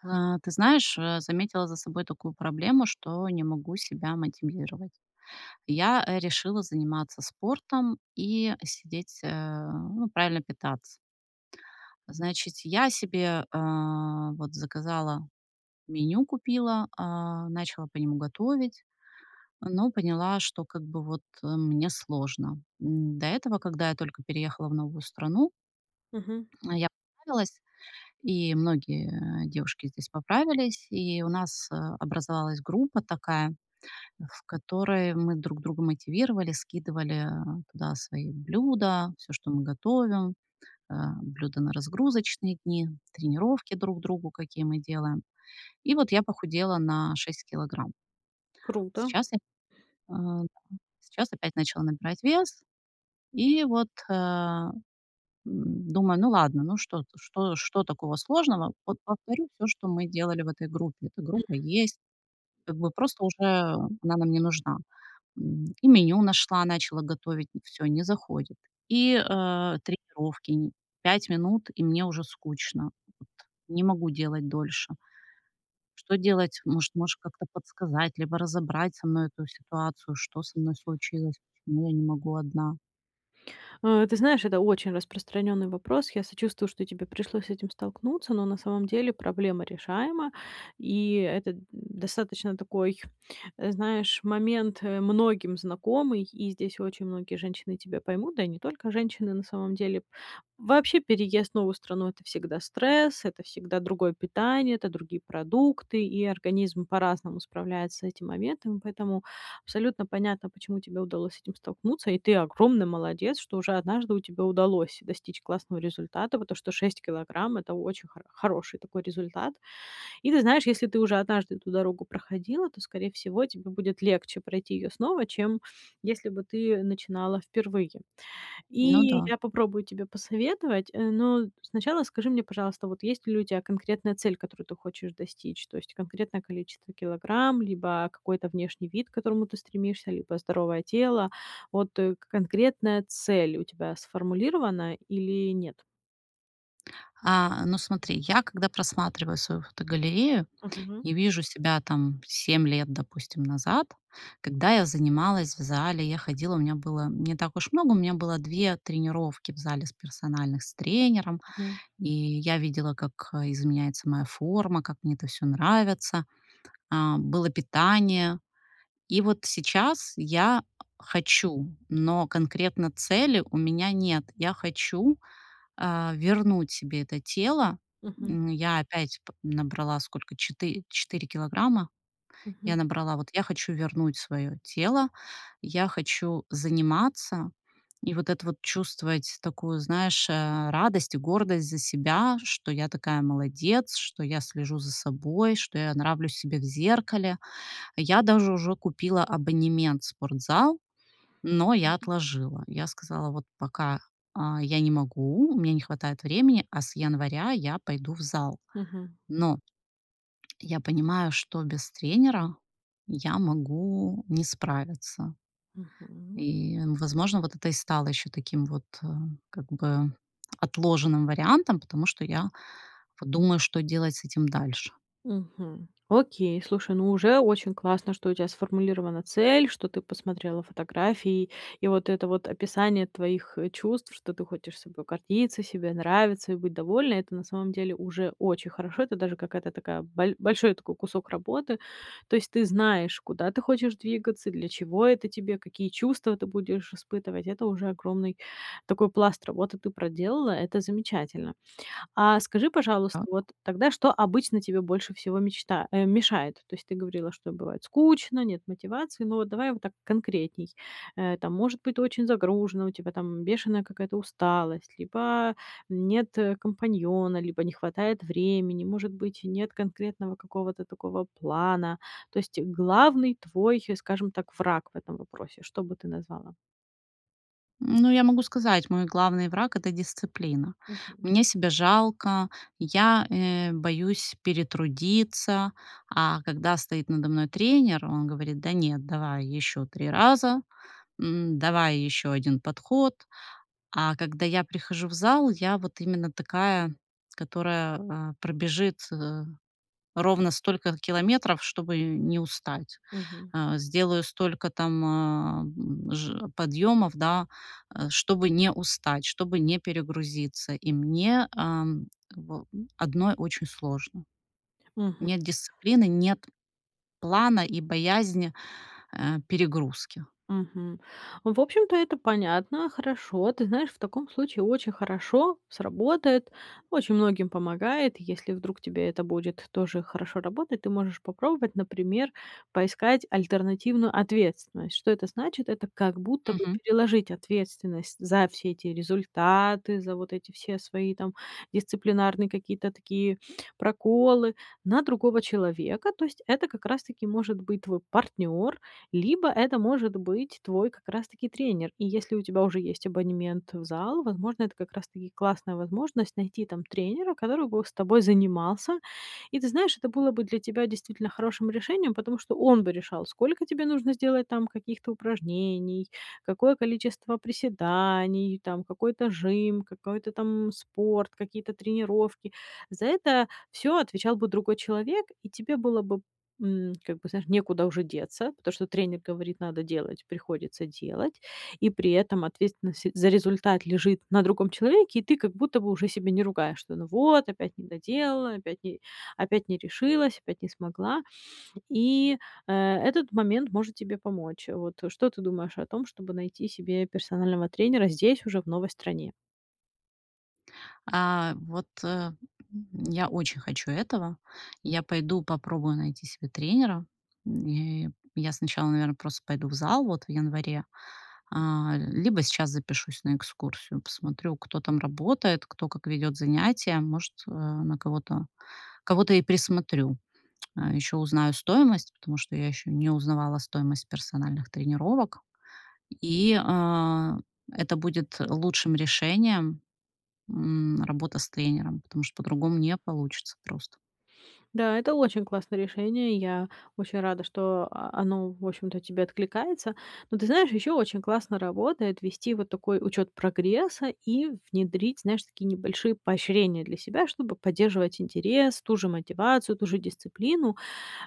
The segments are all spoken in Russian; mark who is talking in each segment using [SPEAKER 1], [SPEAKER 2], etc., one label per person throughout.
[SPEAKER 1] А, ты знаешь, а, заметила за собой такую проблему, что не могу себя мотивировать. Я, э, решила заниматься спортом и сидеть э, ну, правильно питаться. Значит, я себе, э, вот, заказала, меню купила, а, начала по нему готовить, но поняла, что, как бы, вот, э, мне сложно. М, до этого, когда я только переехала в новую страну
[SPEAKER 2] Мгм.
[SPEAKER 1] я поправилась, и многие девушки здесь поправились, и у нас, э, образовалась группа такая, в которой мы друг друга мотивировали, скидывали туда свои блюда, всё, что мы готовим, а, блюда на разгрузочные дни, тренировки друг другу, какие мы делаем. И вот я похудела на 6 килограмм.
[SPEAKER 2] Круто.
[SPEAKER 1] Сейчас я а, сейчас опять начала набирать вес, и вот, а, м, думаю: "Ну, ладно, ну, что что что такого сложного? Вот повторю всё, что мы делали в этой группе". Эта
[SPEAKER 2] Мгм.
[SPEAKER 1] группа есть, как бы просто уже она нам не нужна. М, и меню нашла, начала готовить, всё, не заходит. И, э, тренировки н 5 минут, и мне уже скучно, вот, не могу делать дольше. Что делать? Может, можешь как-то подсказать либо разобрать со мной эту ситуацию: что со мной случилось, почему я не могу одна?
[SPEAKER 2] Э, ты знаешь, это очень распространённый вопрос. Я сочувствую, что тебе пришлось с этим столкнуться, но на самом деле проблема решаема, и это, э, достаточно такой, э, знаешь, момент, э, многим знакомый, и здесь очень многие женщины тебя поймут, да и не только женщины, на самом деле. Вообще, переезд в новую страну- это всегда стресс, это всегда другое питание, это другие продукты, и организм по-разному справляется с этим моментом. Поэтому абсолютно понятно, почему тебе удалось с этим столкнуться, и ты огромный молодец, что уже однажды у тебя удалось достичь классного результата. Вот то, что 6 килограмм- это очень хор хороший такой результат. И ты знаешь, если ты уже однажды эту дорогу проходила, то, скорее всего, тебе будет легче пройти её снова, чем если бы ты начинала впервые.
[SPEAKER 1] Ну
[SPEAKER 2] И
[SPEAKER 1] да.
[SPEAKER 2] я попробую тебе посоветовать, э, но сначала скажи мне, пожалуйста, вот есть ли у тебя конкретная цель, которую ты хочешь достичь, то есть конкретное количество килограмм, либо какой-то внешний вид, к которому ты стремишься, либо здоровое тело. Вот, э, конкретная цель у тебя сформулирована или нет?
[SPEAKER 1] Э, ну смотри, я когда просматриваю свою фотогалерею,
[SPEAKER 2] Мгм.
[SPEAKER 1] я вижу себя, там, 7 лет, допустим, назад, когда я занималась в зале, я ходила, у меня было не так уж много, у меня было 2 тренировки в зале с персональных с тренером.
[SPEAKER 2] Мгм.
[SPEAKER 1] И я видела, как, э, изменяется моя форма, как мне это всё нравится, э, было питание. И вот сейчас я, хочу, но конкретно цели у меня нет. Я хочу, э, вернуть себе это тело.
[SPEAKER 2] Мгм.
[SPEAKER 1] М, я опять п набрала сколько четы четыре килограмма. Я
[SPEAKER 2] Мгм.
[SPEAKER 1] набрала, вот, я хочу вернуть своё тело, я хочу заниматься. И вот это вот чувствовать такую, знаешь, э, радость и гордость за себя, что я такая молодец, что я слежу за собой, что я нравлюсь себе в зеркале. Я даже уже купила абонемент в спортзал, но я
[SPEAKER 2] [unintelligible]
[SPEAKER 1] отложила. Я сказала: "Вот пока, э, я не могу, у меня не хватает времени, а с января я пойду в зал".
[SPEAKER 2] Мгм.
[SPEAKER 1] Но Я понимаю, что без тренера я могу не справиться.
[SPEAKER 2] Мгм.
[SPEAKER 1] И, возможно, вот это и стало ещё таким вот, э, как бы отложенным вариантом, потому что я вот думаю, что делать с этим дальше.
[SPEAKER 2] Мгм. Окей. Слушай, ну, уже очень классно, что у тебя сформулирована цель, что ты посмотрела фотографии. И вот это вот описание твоих чувств, что ты хочешь собой гордиться, себе нравиться и быть довольна- это на самом деле уже очень хорошо. Это даже какая-то такая боль большой такой кусок работы. То есть ты знаешь, куда ты хочешь двигаться, для чего это тебе, какие чувства ты будешь испытывать. Это уже огромный такой пласт работы ты проделала, это замечательно. А скажи, пожалуйста,
[SPEAKER 1] Так.
[SPEAKER 2] вот тогда, что обычно тебе больше всего мечта а мешает? То есть ты говорила, что бывает скучно, нет мотивации, но давай вот так конкретней. Э, там, может быть, очень загружена, у тебя там бешеная какая-то усталость, либо нет компаньона, либо не хватает времени, может быть, нет конкретного какого-то такого плана. То есть главный твой, скажем так, враг в этом вопросе, что бы ты назвала?
[SPEAKER 1] Ну, я могу сказать, мой главный враг- это дисциплина.
[SPEAKER 2] Мгм.
[SPEAKER 1] Мне себя жалко, я, э, боюсь перетрудиться, а когда стоит надо мной тренер, он говорит: "Да нет, давай ещё 3 раза, м, давай ещё один подход". А когда я прихожу в зал, я вот именно такая, которая, а, пробежит, э, ровно столько километров, чтобы не устать,
[SPEAKER 2] Мгм.
[SPEAKER 1] а. Сделаю столько там, а, ж подъёмов, да, а чтобы не устать, чтобы не перегрузиться, и мне, ам, как бы одной очень сложно.
[SPEAKER 2] Мгм.
[SPEAKER 1] Нет дисциплины, нет плана и боязнь, э, перегрузки.
[SPEAKER 2] Мгм, в общем-то, это понятно, хорошо. Ты знаешь, в таком случае очень хорошо сработает, очень многим помогает. Если вдруг тебе это будет тоже хорошо работать, ты можешь попробовать, например, поискать альтернативную ответственность. Что это значит? Это как будто бы
[SPEAKER 1] Мгм.
[SPEAKER 2] переложить ответственность за все эти результаты, за вот эти все свои, там, дисциплинарные какие-то такие проколы на другого человека. То есть это как раз-таки может быть твой партнёр, либо это может быть твой как раз-таки тренер. И если у тебя уже есть абонемент, э, в зал, возможно, это как раз-таки классная возможность найти там тренера, который бы с тобой занимался. И ты знаешь, это было бы для тебя действительно хорошим решением, потому что он бы решал, сколько тебе нужно сделать там каких-то упражнений, какое количество приседаний, там, какой-то жим, какой-то там спорт, какие-то тренировки. За это всё отвечал бы другой человек, и тебе было бы, м, как бы, знаешь, некуда уже деться, потому что тренер говорит: "Надо делать"- приходится делать. И при этом ответственность за результат лежит на другом человеке, и ты как будто бы уже себя не ругаешь, что: "Ну вот, опять не доделала, опять не опять не решилась, опять не смогла". И, э, этот момент может тебе помочь. Вот что ты думаешь о том, чтобы найти себе персонального тренера здесь уже, в новой стране?
[SPEAKER 1] Э, вот э, м, я очень хочу этого. Я пойду попробую найти себе тренера. М, и я сначала, наверно, просто пойду в зал вот в январе, э, либо сейчас запишусь на экскурсию, посмотрю, кто там работает, кто как ведёт занятия, может, э, на кого-то кого-то и присмотрю. Ещё узнаю стоимость, потому что я ещё не узнавала стоимость персональных тренировок, и, э, это будет лучшим решением, м, работа с тренером, потому что по-другому не получится просто.
[SPEAKER 2] Да, это очень классное решение. Я очень рада, что, а, оно, в общем-то, тебе откликается. Но ты знаешь, ещё очень классно работает вести вот такой учёт прогресса и внедрить, знаешь, такие небольшие поощрения для себя, чтобы поддерживать интерес, ту же мотивацию, ту же дисциплину.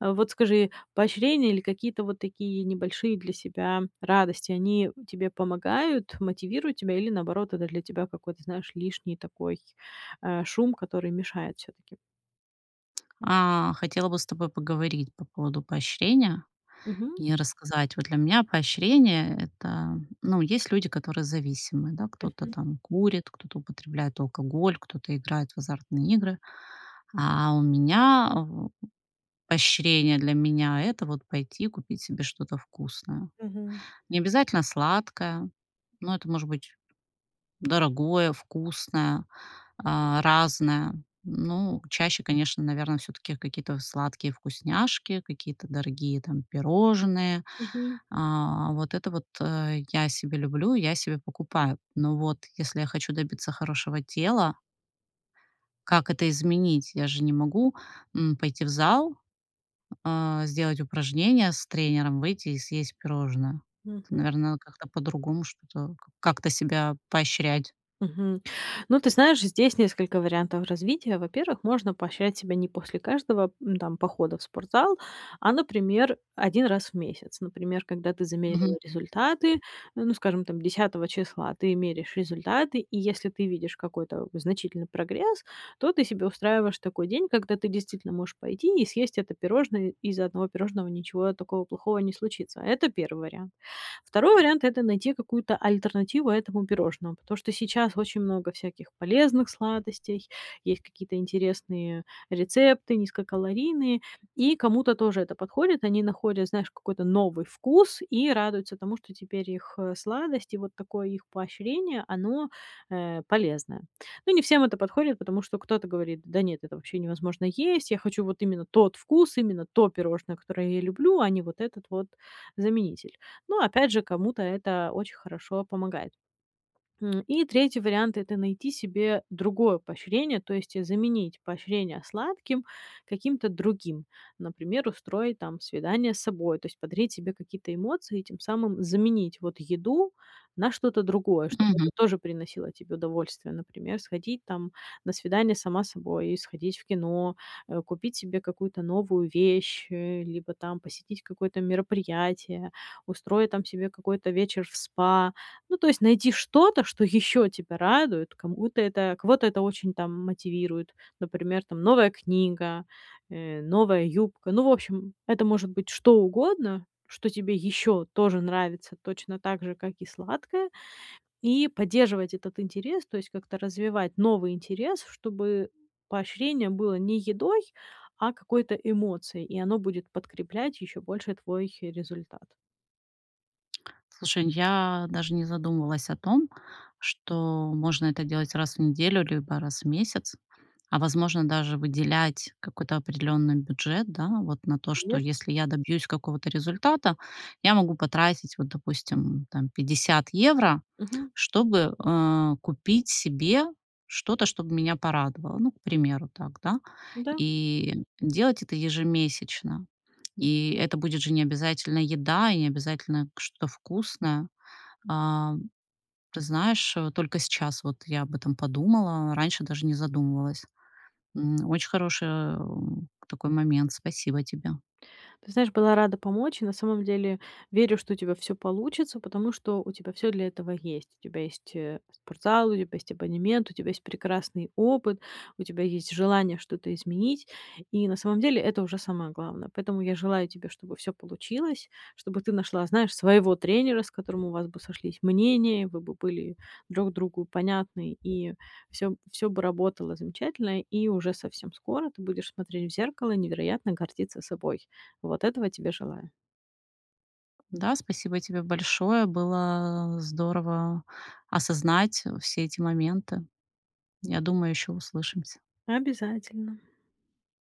[SPEAKER 2] Вот скажи, поощрения или какие-то вот такие небольшие для себя радости, они тебе помогают, мотивируют тебя или наоборот это для тебя какой-то, знаешь, лишний такой, э, шум, который мешает всё-таки?
[SPEAKER 1] А хотела бы с тобой поговорить по поводу поощрения
[SPEAKER 2] Мгм.
[SPEAKER 1] и рассказать. Вот для меня поощрение- это, ну, есть люди, которые зависимы, да, кто-то
[SPEAKER 2] Мгм.
[SPEAKER 1] там курит, кто-то употребляет алкоголь, кто-то играет в азартные игры. А у меня в поощрение для меня- это вот пойти купить себе что-то вкусное.
[SPEAKER 2] Мгм.
[SPEAKER 1] Не обязательно сладкое, но это может быть дорогое, вкусное, а, разное, ну, чаще, конечно, наверно, всё-таки какие-то сладкие вкусняшки, какие-то дорогие, там, пирожные,
[SPEAKER 2] Мгм.
[SPEAKER 1] а, вот это вот, э, я себе люблю, я себе покупаю, но вот если я хочу добиться хорошего тела Как это изменить? Я же не могу, м, пойти в зал, а сделать упражнение с тренером, выйти и съесть пирожное.
[SPEAKER 2] Мгм.
[SPEAKER 1] Наверно, как-то по-другому что-то к как-то себя поощрять.
[SPEAKER 2] Мгм. Ну, ты знаешь, здесь несколько вариантов развития. Во-первых, можно поощрять себя не после каждого, м, там, похода в спортзал, а, например, 1 раз в месяц. Например, когда ты
[SPEAKER 1] Мгм.
[SPEAKER 2] замерила результаты, н ну, скажем, там, 10 числа. Ты меряешь результаты, и если ты видишь какой-то значительный прогресс, то ты себе устраиваешь такой день, когда ты действительно можешь пойти и съесть это пирожное, из-за 1 пирожного ничего такого плохого не случится. Это 1 вариант. 2 вариант- это найти какую-то альтернативу этому пирожному, потому что сейчас очень много всяких полезных сладостей, есть какие-то интересные рецепты низкокалорийные. И кому-то тоже это подходит, они находят, знаешь, какой-то новый вкус и радуются тому, что теперь их, э, сладость и вот такое их поощрение, оно, э, полезное. Но не всем это подходит, потому что кто-то говорит: "Да нет, это вообще невозможно есть, я хочу вот именно тот вкус, именно то пирожное, которое я люблю, а не вот этот вот заменитель". Ну, опять же, кому-то это очень хорошо помогает. М, и 3 вариант- это найти себе другое поощрение, то есть заменить поощрение сладким каким-то другим. Например, устроить, там, свидание с собой, то есть подарить себе какие-то эмоции и тем самым заменить, вот, еду на что-то другое, чтобы
[SPEAKER 1] Мгм.
[SPEAKER 2] это тоже приносило тебе удовольствие. Например, сходить, там, на свидание сама с собой, сходить в кино, э, купить себе какую-то новую вещь, э, либо там посетить какое-то мероприятие, устроить там себе какой-то вечер в спа. Ну, то есть найти что-то, что ещё тебя радует, кому-то это, кого-то это очень, там, мотивирует. Например, там, новая книга, э, новая юбка. Ну, в общем, это может быть что угодно, что тебе ещё тоже нравится точно так же, как и сладкое, и поддерживать этот интерес, то есть как-то развивать новый интерес, чтобы поощрение было не едой, а какой-то эмоцией, и оно будет подкреплять ещё больше твой результат.
[SPEAKER 1] Слушай, я даже не задумалась о том, что можно это делать раз в неделю либо раз в месяц, а возможно, даже выделять какой-то определённый бюджет, да, вот, на то, что
[SPEAKER 2] Конечно.
[SPEAKER 1] если я добьюсь какого-то результата, я могу потратить, вот, допустим, там 50 евро,
[SPEAKER 2] Мгм.
[SPEAKER 1] чтобы, а, купить себе что-то, что б меня порадовало. Ну, к примеру так, да,
[SPEAKER 2] Да.
[SPEAKER 1] и делать это ежемесячно. И это будет же не обязательно еда и не обязательно что-то вкусное. А, ты знаешь, вот только сейчас вот я об этом подумала, а раньше даже не задумывалась. М, очень хорошая, такой момент. Спасибо тебе.
[SPEAKER 2] Ты знаешь, была рада помочь. На самом деле верю, что у тебя всё получится, потому что у тебя всё для этого есть. У тебя есть, э, спортзал, у тебя есть абонемент, у тебя есть прекрасный опыт, у тебя есть желание что-то изменить. И на самом деле это уже самое главное. Поэтому я желаю тебе, чтобы всё получилось, чтобы ты нашла, знаешь, своего тренера, с которым у вас бы сошлись мнения, вы бы были друг другу понятны, и всё, всё бы работало замечательно, и уже совсем скоро ты будешь смотреть в зеркало, невероятно гордиться собой. Вот этого тебе желаю.
[SPEAKER 1] Да, спасибо тебе большое, было, э, здорово осознать все эти моменты. Я думаю, ещё услышимся.
[SPEAKER 2] Обязательно.